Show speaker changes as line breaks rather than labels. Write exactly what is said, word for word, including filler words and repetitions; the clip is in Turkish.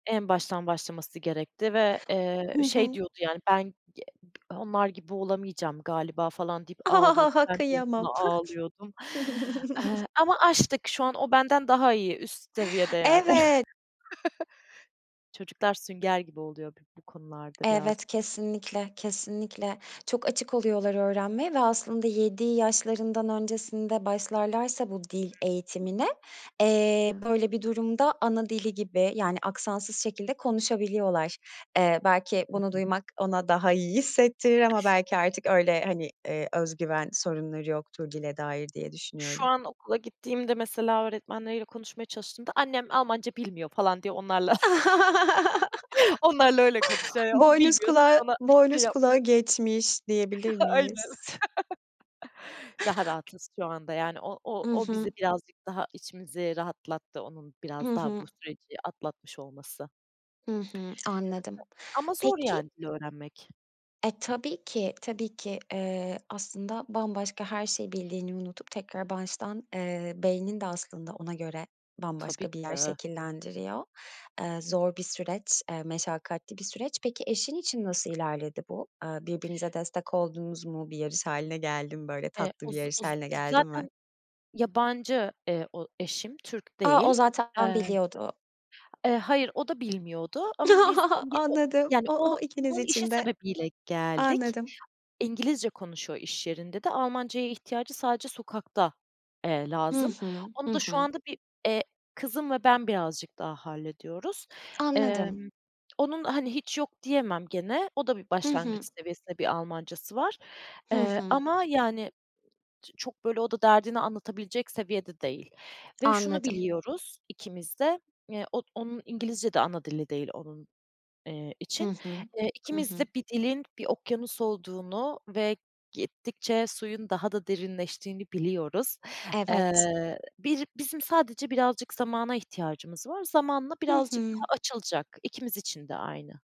En baştan başlaması gerekti ve, eee,
Hı
şey
hı.
diyordu yani, "Ben ye bı onlar gibi olamayacağım galiba." falan deyip ağlıyordu. Ben de onunla
Kıyamam.
ağlıyordum, eee, ama aştık şu an, o benden daha iyi, üst seviyede yani.
Evet.
Çocuklar sünger gibi oluyor bi bu konularda birazcık.
Evet kesinlikle, kesinlikle. Çok açık oluyorlar öğrenmeye ve aslında yedi yaşlarından öncesinde başlarlarsa bu dil
Hı hı.
eğitimine, eee, böyle bir durumda ana dili gibi, yani aksansız şekilde konuşabiliyorlar. Eee, belki
Hı
bunu
hı.
duymak ona daha iyi hissettirir ama belki artık öyle, hani, eee, öz güven sorunları yoktur dile dair diye
Şu
düşünüyorum.
an okula gittiğimde mesela öğretmenleriyle konuşmaya çalıştığımda: "Annem Almanca bilmiyor." falan diye onlarla onlarla öyle konuşuyor. Ya, o
Boynuz
bilmiyor
kulağı
sen ona şey
boynuz
yap
kulağı geçmiş diyebilir
Aynen.
miyiz?
Daha rahatız şu anda. Yani, o o
I
o
hı.
bizi birazcık daha içimizi rahatlattı, onun
Hı
biraz daha
hı.
bu süreci atlatmış olması.
I hı anladım.
Ama zor
Peki
yani dil öğrenmek.
E, tabii ki, tabii ki. Eee, aslında bambaşka her şeyi bildiğini unutup tekrar baştan, eee, beynin de aslında ona göre
Tabii
bambaşka bir
ki
yer
de.
şekillendiriyor. Eee, zor bir süreç, eee, meşakkatli bir süreç. Peki, eşin için nasıl ilerledi bu? Eee, birbirinize destek oldunuz mu? Bir yarış hâline geldi mi, böyle
Eee,
tatlı
o
bir
z
yarış
o z
hâline geldi mi?
zaten yabancı, eee, o eşim Türk
A! O
değil.
zaten
Eee,
biliyordu.
eee, hayır, o da bilmiyordu ama biz İngi o
Anladım,
yani
o
o
o ikiniz
onun işi
için de.
sebebiyle geldik.
Anladım.
İngilizce konuşuyor iş yerinde de. Almanca'ya ihtiyacı sadece sokakta, eee,
Hı
lazım.
hı. Hı
Onu da şu
hı.
anda bir, eee, kızım ve ben birazcık daha hallediyoruz.
Anladım.
Emm, onun, hani, hiç yok diyemem gene. O da bir
Hı
başlangıç
hı.
seviyesinde bir Almanca'sı var,
Hı
eee,
hı.
ama yani ç çok böyle o da derdini anlatabilecek seviyede değil ve şunu
Anladım.
biliyoruz ikimiz de, eee, od onun İngilizce de ana dili değil onun, eee,
Hı
için.
hı.
Eee,
Hı
ikimiz de
hı.
bir dilin bir okyanus olduğunu ve gittikçe suyun daha da derinleştiğini biliyoruz.
Evet.
Eee, bir bizim sadece birazcık zamana ihtiyacımız var. Zamanla
Hı
birazcık
hı.
daha açılacak. İkimiz için de aynı.